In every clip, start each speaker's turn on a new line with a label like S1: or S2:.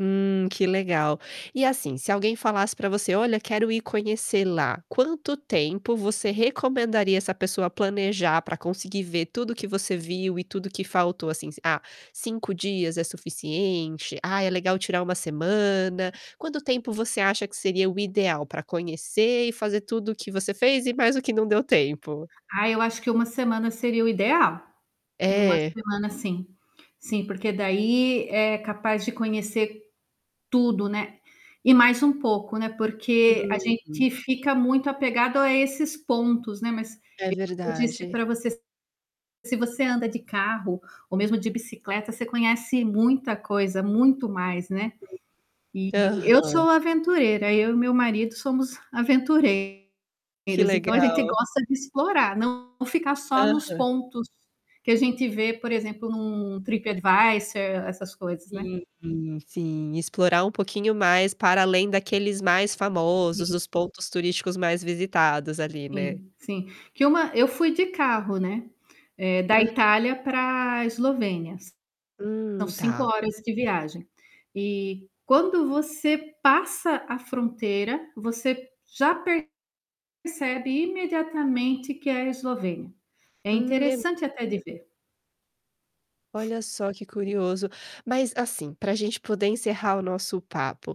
S1: Hum, que legal. E, assim, se alguém falasse pra você: "Olha, quero ir conhecer lá". Quanto tempo você recomendaria essa pessoa planejar pra conseguir ver tudo o que você viu e tudo o que faltou, assim, s "Ah, 5 dias é suficiente". "Ah, é legal tirar 1 semana."? Quanto tempo você acha que seria o ideal pra conhecer e fazer tudo o que você fez e mais o que não deu tempo?
S2: Ah, eu acho que 1 semana seria o ideal. 1
S1: É?
S2: semana, sim. Sim, porque daí é capaz de conhecer tudo, né, e mais um pouco, né, porque a
S1: Uhum.
S2: gente fica muito apegado a esses pontos, né, mas
S1: É
S2: é o que eu disse
S1: verdade.
S2: pra você se se você anda de carro, ou mesmo de bicicleta, você conhece muita coisa, muito mais, né. E eu
S1: Aham.
S2: sou aventureira, eu e meu marido somos
S1: Que
S2: aventureiros, então a gente
S1: legal.
S2: gosta de explorar, não ficar só nos
S1: Aham.
S2: pontos que a gente vê, por exemplo, num Trip Advisor, essas coisas, né.
S1: Sim, sim, explorar um pouquinho mais para além daqueles mais famosos,
S2: Sim.
S1: dos pontos turísticos mais visitados ali, né.
S2: Sim, sim. Que uma eu fui de carro, né, eh, da
S1: Aham.
S2: Itália para Eslovênia. S são
S1: Hum,
S2: 5
S1: tá.
S2: horas de viagem. E quando você passa a fronteira, você já percebe imediatamente que é a Eslovênia. É
S1: Hum, é m
S2: interessante até de ver.
S1: Olha só, que curioso. Mas, assim, pra gente poder encerrar o nosso papo,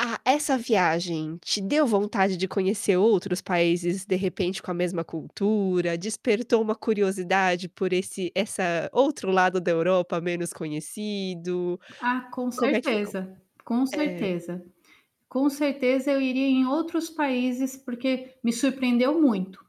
S1: a essa viagem te deu vontade de conhecer outros países, de repente, com a mesma cultura, despertou uma curiosidade por esse essa outro lado da Europa menos conhecido?
S2: Ah, com
S1: Como é que ficou?
S2: certeza, com
S1: É.
S2: certeza. Com certeza eu iria em outros países, porque me surpreendeu muito.